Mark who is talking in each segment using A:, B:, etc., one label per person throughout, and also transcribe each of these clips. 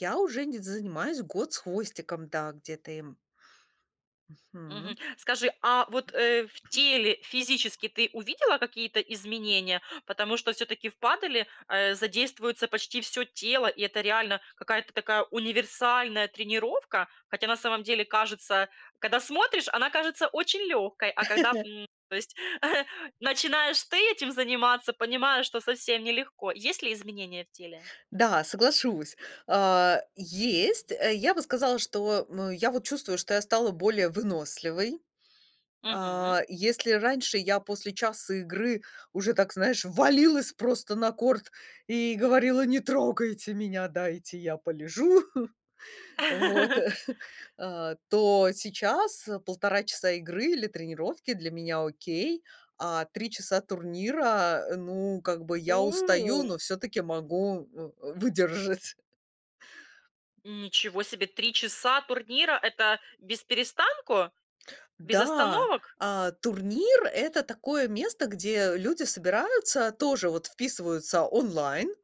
A: Я уже не занимаюсь год с хвостиком. Да, где-то им.
B: Мгм.
A: Мгм.
B: Скажи, а
A: Хм.
B: вот, э, в теле физически ты увидела какие-то изменения? Потому что всё-таки в паделе задействуется почти всё тело, и это реально какая-то такая универсальная тренировка. Хотя на самом деле кажется, когда смотришь, она кажется очень лёгкой, а когда, м То есть начинаешь ты этим заниматься, понимаешь, что совсем нелегко. Есть ли изменения в теле?
A: Да, соглашусь. А есть. Э, я бы сказала, что, м, я вот чувствую, что я стала более выносливой.
B: Мгм.
A: А если раньше я после часа игры уже, так знаешь, валилась просто на корт и говорила: "Не трогайте меня, дайте я полежу". Вот, а то сейчас, э, 1,5 часа игры или тренировки для меня окей, а 3 часа турнира, э, ну, как бы я устаю,
B: О!
A: но всё-таки могу, м, выдержать.
B: Ничего себе! 3 часа турнира- это без перестанку? Без
A: Да,
B: остановок?
A: а турнир- это такое место, где люди собираются, тоже вот вписываются онлайн,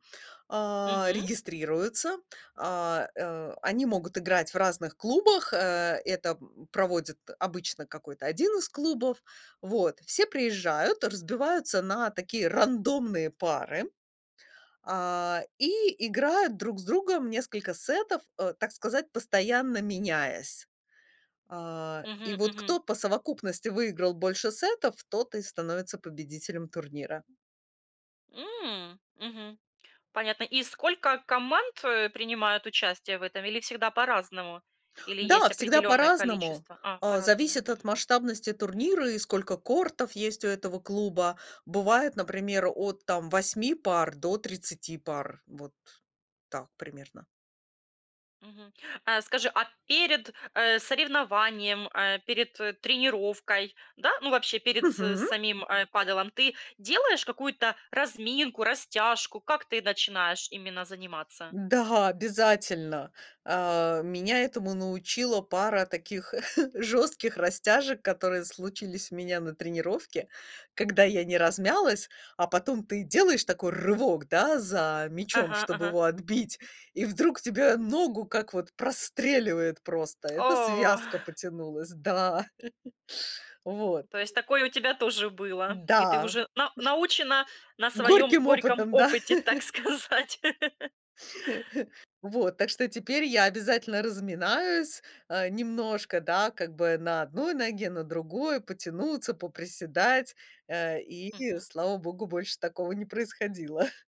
A: а
B: Мгм.
A: регистрируются, а, э, они могут играть в разных клубах, э, это, м, проводит обычно какой-то 1 из клубов. Вот все приезжают, разбиваются на такие рандомные пары, а, и играют друг с другом несколько сетов, э, так сказать, постоянно меняясь. А и
B: Мгм,
A: вот
B: мгм.
A: кто по совокупности выиграл больше сетов, тот и становится победителем турнира.
B: М. Мгм. Понятно. И сколько команд, э, принимают участие в этом? Или всегда по-разному, или
A: Да,
B: есть
A: всегда
B: определённое
A: по-разному,
B: количество? А,
A: э,
B: по-разному.
A: зависит от
B: Мгм.
A: масштабности турнира и сколько кортов есть у этого клуба. Бывает, например, от там 8 пар до 30 пар, вот так примерно.
B: Мгм. А скажи, а перед, э, соревнованием, э, перед, э, тренировкой, да, ну, вообще, перед с
A: Мгм.
B: самим, э, падэлом ты делаешь какую-то разминку, растяжку? Как ты начинаешь именно заниматься?
A: Да, обязательно. А меня этому научила пара таких жёстких растяжек, которые случились у меня на тренировке, когда я не размялась, а потом ты делаешь такой рывок, да, за мячом,
B: Ага,
A: чтоб
B: ага.
A: его отбить, и вдруг тебе ногу как вот простреливает просто. Эта
B: О!
A: связка потянулась, да. Вот,
B: То есть
A: и
B: такое у тебя тоже было, и ты
A: Да.
B: уже на научена на своём
A: Горьким
B: горьком
A: опытом. Да.
B: опыте, так сказать.
A: Вот, так что теперь я обязательно разминаюсь, а, немножко, да, как бы на одной ноге, на другой потянуться, поприседать, э, и
B: Мгм.
A: слава богу, больше такого не происходило.